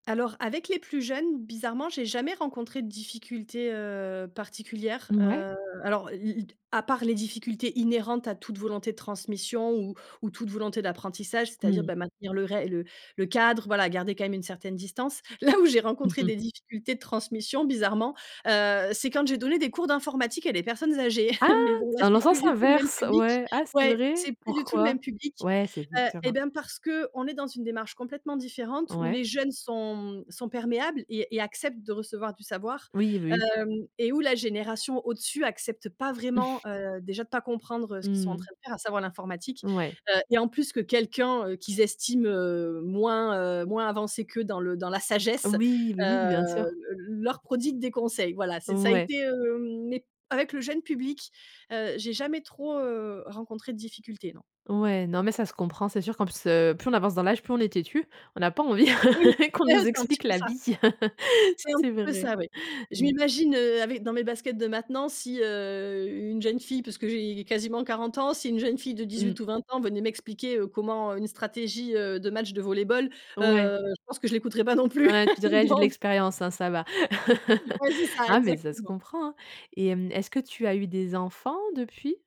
Alors avec les plus jeunes, bizarrement, j'ai jamais rencontré de difficultés, heu, particulières. Mouais. Heu, alors l l d à part les difficultés inhérentes à toute volonté de transmission ou ou toute volonté d'apprentissage, c'est-à-dire, Mmh. bah, maintenir le ré le le cadre, voila garder quand même une certaine distance. Là où j'ai Mmh rencontré mh. des difficultés de transmission bizarrement, heu, c'est quand j'ai donné des cours d'informatique à des personnes âgées. Ah! Mais bon, Dans le c'est sens plus du tout le même inverse. public. Ouais, ah, c'est Ouais, vrai? c'est plus du tout le Pourquoi? même public. Ouais, c'est Heu, [unintelligible] eh hein. ben, parce qu'on est dans une démarche complètement différente où Ouais. les jeunes sont, mmh, sont perméables et et acceptent de recevoir du savoir. Oui, oui. Hem et où la génération, au-dessus, accepte pas vraiment, heu, déjà de pas comprendre, heu, ce qu'ils sont en Mmh. train de faire, à savoir l'informatique. Ouais. Heu et en plus que quelqu'un, heu, qu'ils estiment, heu, moins, heu, moins avancé qu'eux dans le dans la sagesse. Oui, oui, oui, bien Hem, sûr. le leur prodigue des conseils. Voilà, c'est ça a Ouais. été hem, mais avec le jeune public, heu, j'ai jamais trop, heu, rencontré de difficultés, non. Ouais, non, mais ça se comprend. C'est sûr qu'en plus, heu, plus on avance dans l'âge, plus on est têtu. On n'a pas envie Oui, qu'on eh nous c'est un petit explique peu la ça. vie. C'est un C'est petit peu vrai. ça, oui. Je m'imagine, heu, avec, dans mes baskets de maintenant si, heu, une jeune fille, parce que j'ai quasiment 40 ans, si une jeune fille de Mmh. 18 ou 20 ans venait m'expliquer, heu, comment, heu, une stratégie, heu, de match de volley-ball, Ouais. heu, je pense que je l'écouterai pas non plus, Ouais, tu dirais que j'ai de donc l'expérience, hein, ça va. Ouais, c'est ca, Ah, mais ça se exactement! comprend, hein et hem, est ce que tu as eu des enfants depuis?